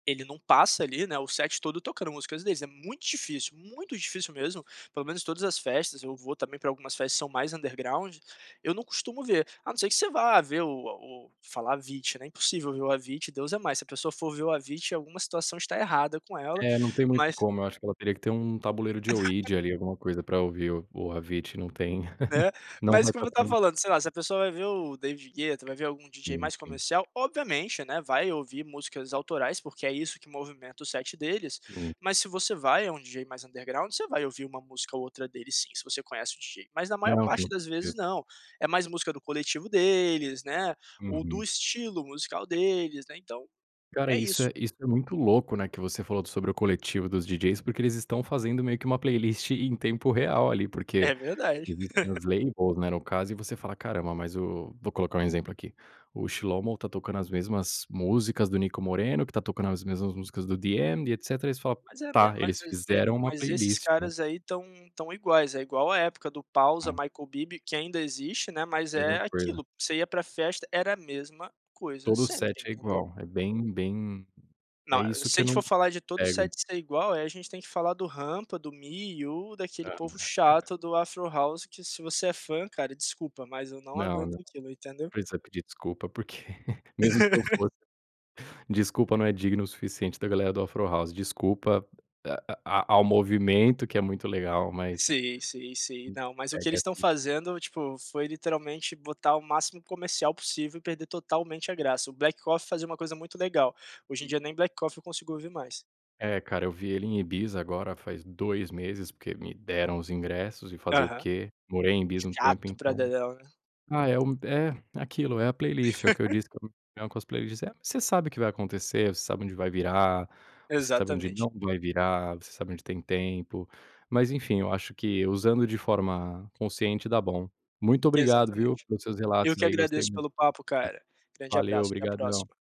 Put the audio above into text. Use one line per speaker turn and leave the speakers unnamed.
Ele não passa, ali, né, o set todo tocando músicas deles, é muito difícil, muito difícil mesmo, pelo menos todas as festas, eu vou também pra algumas festas que são mais underground, eu não costumo ver, a não ser que você vá ver o a o falar Avicii, né, impossível ver o Avicii, Deus é mais, se a pessoa for ver o Avicii, alguma situação está errada com ela,
É, não tem muito
mas
como, eu acho que ela teria que ter um Tabuleiro de Ouija, ali, alguma coisa pra ouvir o o Avicii, não tem
Né,
não
mas como eu estava
[unintelligible]
falando, sei lá, se a pessoa vai ver o David Guetta, vai ver algum DJ
Hum,
mais
sim.
comercial, obviamente, né, vai ouvir músicas autorais, porque é isso que movimenta o set deles,
Hum.
mas se você vai a um DJ mais underground, você vai ouvir uma música ou outra dele sim, se você conhece o DJ. Mas na maior
Não
parte
po
das
eu
vezes, não, é mais música do coletivo deles, né, ou do
Uhum.
estilo musical deles, né, então
Cara,
é
isso
isso.
é isso é muito louco, né, que você falou sobre o coletivo dos DJs, porque eles estão fazendo meio que uma playlist em tempo real ali, porque
É verdade.
existem as lane holes, né, no caso, e você fala: "Caramba, mas o", vou colocar um exemplo aqui, o Shilow tá tocando as mesmas músicas do Nico Moreno, que está tocando as mesmas músicas do DM, e etcétera, e eles fala:
Mas é a minha,
"Tá,
ma
eles
es e
fizeram uma
mas esses
playlist, né".
caras aí estão estão iguais, é igual a época do Pawsa Michael Bibi, que ainda existe, né, mas é
Mesma coisa.
aquilo, você ia para festa, era a mesma coisa
Todo o
sempre,
set é
entendeu.
igual. É bem bem
Não,
é
eh,
isso
se
que
a
eu
gente for
não
falar de todo o
pego.
set ser igual, aí a gente tem que falar do Rampa, do Me You, daquele povo
[unintelligible]
chato do Afro House, que se você é fã, cara, desculpa, mas eu não
Não, não
aguento aquilo, entendeu.
precisa pedir desculpa, porque mesmo se eu fosse desculpa não é digno o suficiente da galera do Afro House. Desculpa a a ao movimento, que é muito legal, mas
Sim, sim, sim.
[unintelligible]
Não, mas o que
pega
eles estão
si
fazendo, tipo, foi literalmente botar o máximo comercial possível e perder totalmente a graça. O Black Coffee fazia uma coisa muito legal, hoje em dia nem Black Coffee eu consigo ouvir mais.
É cara, eu vi ele em Ibiza agora, faz 2 meses, porque me deram os ingressos, e fazer o
Aham.
quê? Morei em Ibiza um tempo,
Chato pra
então.
dedéu, né.
Ah, é um é aquilo, é a playlist, é o que eu disse com as playlists. É, você sabe o que vai acontecer, você sabe onde vai virar, você sabe onde
Exatamente.
não vai virar, você sabe onde tem tempo. Mas enfim, eu acho que usando de forma consciente, dá bom. Muito obrigado, viu,
Exatamente.
pelos seus
Eu
relatos,
que
aí, gostei
agradeço
muito.
pelo papo, cara. Grande
Valeu,
abraço, até a
obrigadão.
próxima.